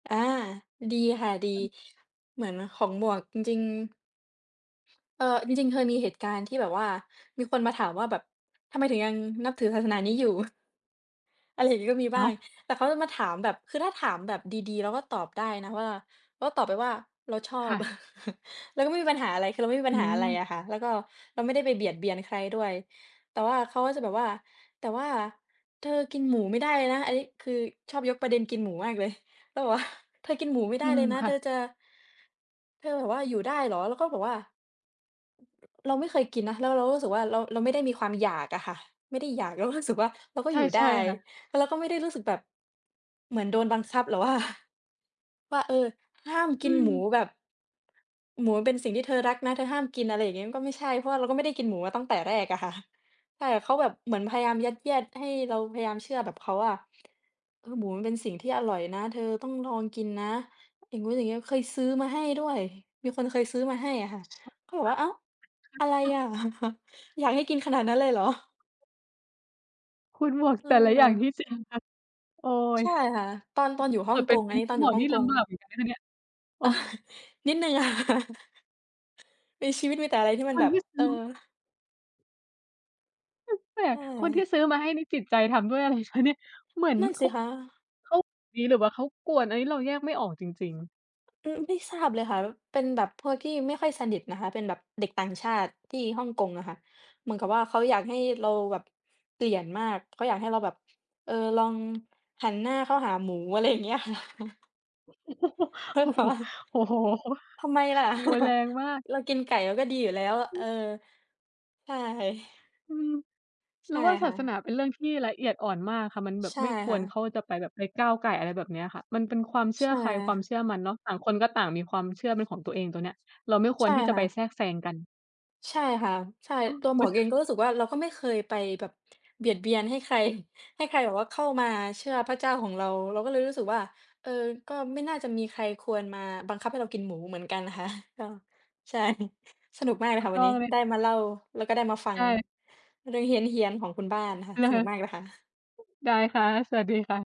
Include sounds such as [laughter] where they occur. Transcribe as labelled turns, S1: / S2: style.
S1: อา ดีค่ะ ดี เหมือนของหมวก จริง ๆ เออ จริง ๆ เคยมีเหตุการณ์ที่แบบว่ามีคนมาถามว่าแบบ "ทำไมถึงยังนับถือศาสนานี้อยู่?" อะไรอย่างงี้ ก็มีบ
S2: อ้
S1: ้า
S2: า
S1: ง
S2: ว!
S1: แต่เค้าจะมาถามแบบ คือถ้าถามแบบดี ๆ เราก็ตอบได้นะว่า เราก็ตอบไปว่า "เราชอ
S2: ค
S1: บ"
S2: ่ะ
S1: [chuckles] เราก็ไม่มีปัญหาอะไร คือเราไม่มีป
S2: อ
S1: ั
S2: ื
S1: ญหาอะไรอ
S2: ม
S1: ะค่ะ แล้วก็เราไม่ได้ไปเบียดเบียนใครด้วย แต่ว่าเขาก็จะแบบว่า "แต่ว่า เธอกินหมูไม่ได้เลยนะ" อันนี้ คือชอบยกประเด็นกินหมูมากเลย แล้วแบบว่า "เธอกินหมูไม่ไ
S2: อ
S1: ด
S2: ื
S1: ้เล
S2: ม
S1: ยนะ
S2: ค่
S1: เธ
S2: ะ
S1: อจะ" "เธอแบบว่าอยู่ได้เหรอ?" เราก็บอกว่า เราไม่เคยกินนะ แล้วเราก็รู้สึกว่า เรา เราไม่ได้มีความอยากอะค่ะ ไม่ได้อยาก เราก็รู้สึกว่า เราก
S2: ใ
S1: ็
S2: ช
S1: อ
S2: ่
S1: ยู่
S2: ใ
S1: ได
S2: ช
S1: ้
S2: ่ค่ะ
S1: แล้วเราก็ไม่ได้รู้สึกแบบ เหมือนโดนบังคับ หรือว่า ว่า เออ ห้ามก
S2: อ
S1: ิ
S2: ื
S1: นหมู
S2: ม
S1: แบบ หมูมันเป็นสิ่งที่เธอรักนะ เธอห้ามกิน อะไรอย่างงี้ มันก็ไม่ใช่ เพราะว่าเราก็ไม่ได้กินหมูมาตั้งแต่แรกอะค่ะ ใช่ เขาแบบเหมือนพยายามยัดเยียดให้เราพยายามเชื่อแบบเขาอะ เออ "หมูมันเป็นสิ่งที่อร่อยนะ เธอต้องลองกินนะ" อย่างงู้นอย่างงี้ เคยซื้อมาให้ด้วย มีคนเคยซื้อมาให้อะค่ะ เขาบอกว่า "อ้าว! อะไรอะ
S2: [unintelligible]
S1: [chuckles] อยากให้กินขนาดนั้นเลยเหรอ?
S2: คุณหมวก แต่ละอย่าง
S1: เออ
S2: นี่เสี่ยงจัง โอ๊ย
S1: ใช่ค่ะ ตอน ตอนอยู่ฮ
S2: เ
S1: ่
S2: ก
S1: อ
S2: ิ
S1: ง
S2: ดเป
S1: ก
S2: ็น
S1: ง
S2: เ
S1: อ
S2: ป็
S1: ัน
S2: น
S1: นี้
S2: ค
S1: ต
S2: ุ
S1: อ
S2: ณ
S1: น
S2: ห
S1: อ
S2: ม
S1: ยู่
S2: วก
S1: ฮ่อ
S2: นี
S1: ง
S2: ่
S1: ก
S2: ล
S1: ง
S2: ำบากเหมือนกันนะคะเนี่ย โอ้!
S1: [chuckles] นิดหนึ่ง ค่ะ [chuckles] ในชีวิตมีแต่อะไรที่มั
S2: ค
S1: นแบ
S2: น
S1: บ
S2: ที่ซ
S1: เอ
S2: ื
S1: อ
S2: ้อ แปล
S1: ใช
S2: ก ๆ คนที่
S1: ่
S2: ซื้อมาให้นี่จิตใจทำด้วย อะไร คะเนี่ย เหมือน
S1: นั่น
S2: เข
S1: สิ
S2: า
S1: คะ
S2: เขา เอ๊ หรือว่าเขากวน อันนี้เราแยกไม่ออกจริง ๆ
S1: อืม ไม่ทราบเลยค่ะ ว เป็นแบบพวกที่ไม่ค่อยสนิทนะคะ เป็นแบบเด็กต่างชาติที่ฮ่องกงอะค่ะ เหมือนกับว่า เขาอยากให้เราแบบ เปลี่ยนมาก เขาอยากให้เราแบบ เอ่อ ลองหันหน้าเข้าหาหมู อะไรอย่างเงี้ย ค่ะ [chuckles]
S2: [chuckles]
S1: [unintelligible]
S2: โอ้โฮ
S1: ทำไมล่ะ
S2: โอ๊ย แร
S1: [chuckles]
S2: งมาก
S1: เรากินไก่ เราก็ดีอยู่แล้วอะ เออ ใช่
S2: อืม เ
S1: ใช
S2: รา
S1: ่
S2: ว่า
S1: ค
S2: ศา
S1: ่
S2: สน
S1: ะ
S2: าเป็นเรื่องที่ละเอียดอ่อนมากค่ะ มันแบ
S1: ใ
S2: บ
S1: ช่
S2: ไม่ค
S1: ค่
S2: วร
S1: ะ
S2: เข้า จะไปแบบไปก้าวก่าย อะไรแบบเนี้ยค่ะ มันเป็นความเช
S1: ใ
S2: ื
S1: ช
S2: ่อใคร ความ
S1: ่
S2: เชื่อมันเนาะ ต่างคนก็ต่างมีความเชื่อเป็นของตัวเอง ตรงเนี้ย เราไม่ค
S1: ใช
S2: วร
S1: ่
S2: ที่จะ
S1: ค่
S2: ไป
S1: ะ
S2: แทรกแซงกัน
S1: ใช่ค่ะ ใช่
S2: โอ้!
S1: ตัวหม
S2: คุ
S1: วกเองก
S2: ณ
S1: ็รู้สึกว่า เราก็ไม่เคยไปแบบเบียดเบียนให้ใคร ให้ใครแบบว่าเข้ามาเชื่อพระเจ้าของเรา เราก็เลยรู้สึกว่า เออ ก็ไม่น่าจะมีใครควรมาบังคับให้เรากินหมูเหมือนกันค่ะ ก็ ใช่ [chuckles] สนุกมากเล
S2: ถ
S1: ย
S2: ู
S1: ค่
S2: ก
S1: ะ ว
S2: ต
S1: ั
S2: ้
S1: น
S2: อ
S1: นี้
S2: งเลย
S1: ได้
S2: ค่ะ
S1: มาเล่าแล้วก็ได้มาฟั
S2: ใ
S1: ง
S2: ช่
S1: เรื่องเฮี้ยน ๆ ของคุณบ้านค่ะ สนุกม
S2: [chuckles]
S1: ากเลยค่ะ
S2: ได้ค่ะ สวัสดีค่ะ